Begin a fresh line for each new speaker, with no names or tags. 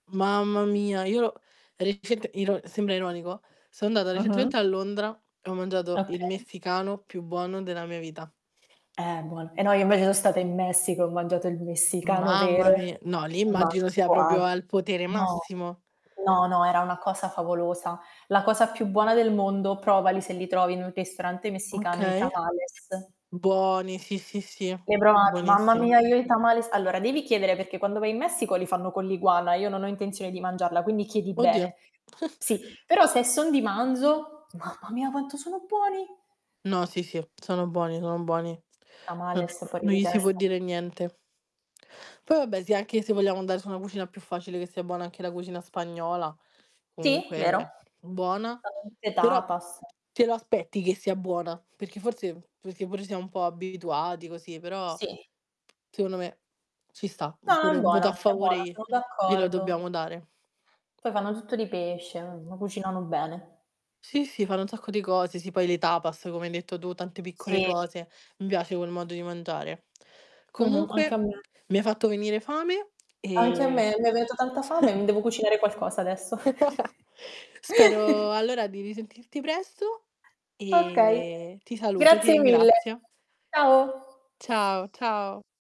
Mamma mia io ero recent iro sembra ironico, so' andata
Mh-mh.
recentemente a Londra e ho mangiato il
Okay.
messicano più buono della mia vita.
Eh buono. E no, io invece so stata in Messico, ho mangiato il messicano
Mamma
vero.
mia, no lì
Ma
immagino sia proprio
[unintelligible]
al potere
no,
massimo.
no, no era una cosa favolosa. La cosa più buona del mondo, provali se li trovi in un ristorante messicano, i
Okay.
tamales.
Buoni sì sì sì,
Le hai provat mamma
buonissime.
mia io ho i tamales. Allora devi chiedere, perché quando vai in Messico li fanno con l'iguana, io non ho intenzione di mangiarla quindi chiedi
Oddio.
bene. Sì, però se son di manzo, mamma mia quanto sono buoni.
No sì sì, sono buoni, sono buoni. Non
Tamales.fuori
non
di
gli si può
testa.
dire niente. Poi vabbè sì anche se vogliamo andare su una cucina più facile che sia buona anche la cucina spagnola,
Sì, vero.
comunque buona,
[unintelligible]
però
tapas.
te lo aspetti che sia buona. Perché forse perché pure siamo un po' abituati così, però
Sì.
secondo me ci sta.
No, è
Oppure un
buona,
voto a
è
favore
buona,
glie
sono
glelo
d'accordo.
dobbiamo dare.
Poi fanno tutto di pesce,
[unintelligible]
m ma cucinano bene.
Sì sì fanno un sacco di cose, sì poi le tapas come hai detto tu tante piccole
Sì.
cose, mi piace quel modo di mangiare.
Mh-mh. Anche a
Comunque
me.
mi hai fatto venire fame
Anche a
e
me mi è venuta tanta fame, e mi devo cucinare qualcosa adesso.
Spero allora di risentirti presto
Okay,
e ti saluto, ti
grazie mille.
ringrazio.
Ciao.
Ciao ciao.